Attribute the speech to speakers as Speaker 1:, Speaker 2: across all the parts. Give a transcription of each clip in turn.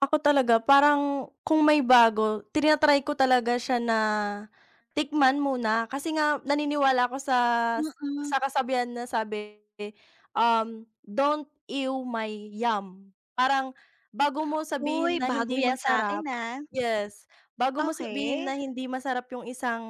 Speaker 1: Ako talaga, parang, kung may bago, tina-try ko talaga siya na, tikman muna, kasi nga naniniwala ako sas
Speaker 2: Mm.
Speaker 1: sa kasabihan na sabi, um, "Don't ew my yum." Parang, bago mo
Speaker 2: Uy,
Speaker 1: sabihin na
Speaker 2: bago
Speaker 1: hindi
Speaker 2: yan sakin,
Speaker 1: masarap
Speaker 2: ah.
Speaker 1: yes, bago mo sabihin
Speaker 2: Okey.
Speaker 1: na hindi masarap yung isang,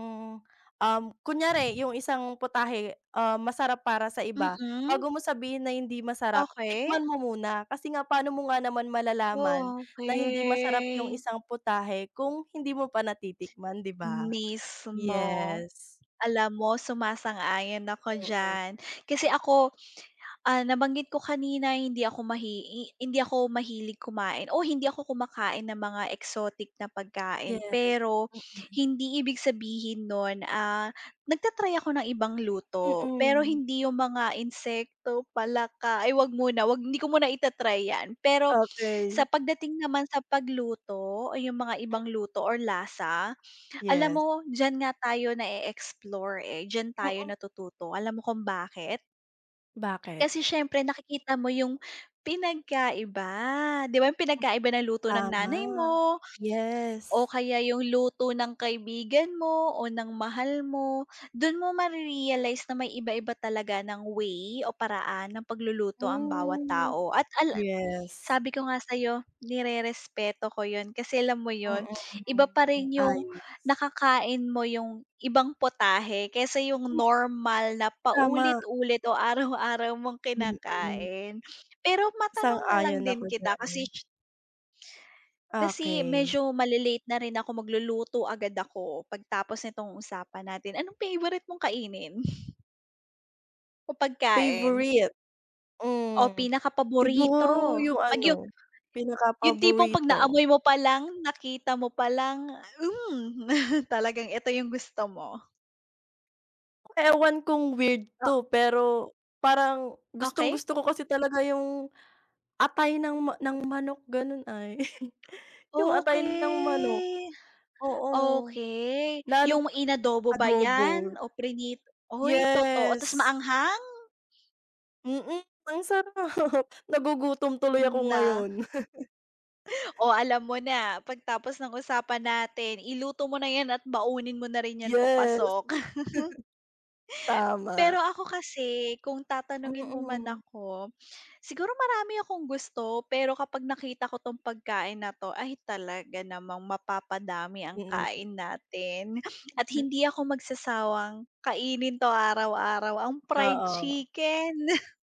Speaker 1: um, kunyari yung isang putahe, um, masarap para sa iba.
Speaker 2: Mm.
Speaker 1: Bago mo sabihin na hindi masarap,
Speaker 2: Okey.
Speaker 1: tikman mo muna kasi nga paano mo nga naman malalaman,
Speaker 2: Oh,
Speaker 1: na hindi masarap yung
Speaker 2: okey.
Speaker 1: isang putahe kung hindi mo pa natitikman, di ba?
Speaker 2: Mismo.
Speaker 1: Yes.
Speaker 2: Alam mo, sumasang-ayon ako
Speaker 1: Mm.
Speaker 2: diyan. Kasi ako, ah, nabanggit ko kanina, hindi ako mahi i hindi ako mahilig kumain o hindi ako kumakain ng mga exotic na pagkain,
Speaker 1: Yes.
Speaker 2: pero
Speaker 1: Mm.
Speaker 2: hindi ibig sabihin no'n, ah nagta-try ako ng ibang luto, pero
Speaker 1: Mm.
Speaker 2: hindi yung mga insekto, palaka, ay huwag muna, huwag hindi ko muna ita-try yan. Pero sa
Speaker 1: Okey.
Speaker 2: pagdating naman sa pagluto o yung mga ibang luto or lasa, alam
Speaker 1: Yes.
Speaker 2: mo, diyan nga tayo nae-explore, eh, diyan tayo
Speaker 1: Mm.
Speaker 2: natututo, alam mo kung bakit?
Speaker 1: Bakit?
Speaker 2: Kasi siyempre, nakikita mo yung pinagkaiba. Di ba yung pinagkaiba ng luto ng
Speaker 1: Tama.
Speaker 2: nanay mo, o
Speaker 1: Yes.
Speaker 2: kaya yung luto ng kaibigan mo, o ng mahal mo. Do'n mo mare-realize na may iba-iba talaga ng way o paraan ng pagluluto ang bawat
Speaker 1: Hmm.
Speaker 2: tao. At al
Speaker 1: Yes.
Speaker 2: sabi ko nga sa'yo, nirerespeto ko yun kasi alam mo
Speaker 1: Mm,
Speaker 2: yun? Iba
Speaker 1: mhm,
Speaker 2: pa
Speaker 1: hmm.
Speaker 2: rin yung,
Speaker 1: Ayos.
Speaker 2: nakakain mo yung ibang putahe, kaysa
Speaker 1: Hmm.
Speaker 2: yung normal na
Speaker 1: Tama.
Speaker 2: paulit-ulit o araw-araw mong
Speaker 1: Mm.
Speaker 2: kinakain. Pero matanong na lang
Speaker 1: Sang-ayon
Speaker 2: din
Speaker 1: ako
Speaker 2: kita
Speaker 1: diyan.
Speaker 2: kasi kasi medyo
Speaker 1: Okey.
Speaker 2: male-late na rin ako. Magluluto agad ako, pagtapos nitong usapan natin. Anong favorite mong kainin? O pagkain.
Speaker 1: Favourite?
Speaker 2: O
Speaker 1: Hmm. Siguro
Speaker 2: pinakapaborito.
Speaker 1: yung
Speaker 2: 'Pag yung
Speaker 1: ano,
Speaker 2: Yung tipong 'pag
Speaker 1: pinakapaborito.
Speaker 2: naamoy mo pa lang, nakita mo pa lang hmm, talagang eto yung gusto mo.
Speaker 1: Ewan kung weird 'to
Speaker 2: Oo.
Speaker 1: pero, parang,
Speaker 2: Okey.
Speaker 1: gustong-gusto ko kasi talaga yung, atay ng ma ng manok, ganon ay. Yung atay ng manok.
Speaker 2: Okey.
Speaker 1: Oo.
Speaker 2: Okey.
Speaker 1: Lalop
Speaker 2: Yung inadobo ba
Speaker 1: adobo.
Speaker 2: yan? O prinit oy! Totoo ta's
Speaker 1: Yes.
Speaker 2: maanghang?
Speaker 1: Mm, ang sarap. Nagugutom tuloy ako
Speaker 2: Na?
Speaker 1: ngayon.
Speaker 2: Oh, alam mo na, pagtapos ng usapan natin, iluto mo na ’yan at baunin mo na rin ’yan
Speaker 1: Yes.
Speaker 2: papasok. Pero
Speaker 1: Tama.
Speaker 2: ako kasi, kung tatanungin mo man
Speaker 1: Mm.
Speaker 2: ako, siguro marami akong gusto, pero kapag nakita ko 'tong pagkain na 'to, ay, talaga namang mapapadami ang
Speaker 1: Mm.
Speaker 2: kain natin, at
Speaker 1: Mhm.
Speaker 2: hindi ako magsasawang, kainin 'to araw-araw. Ang fried
Speaker 1: Oo.
Speaker 2: chicken.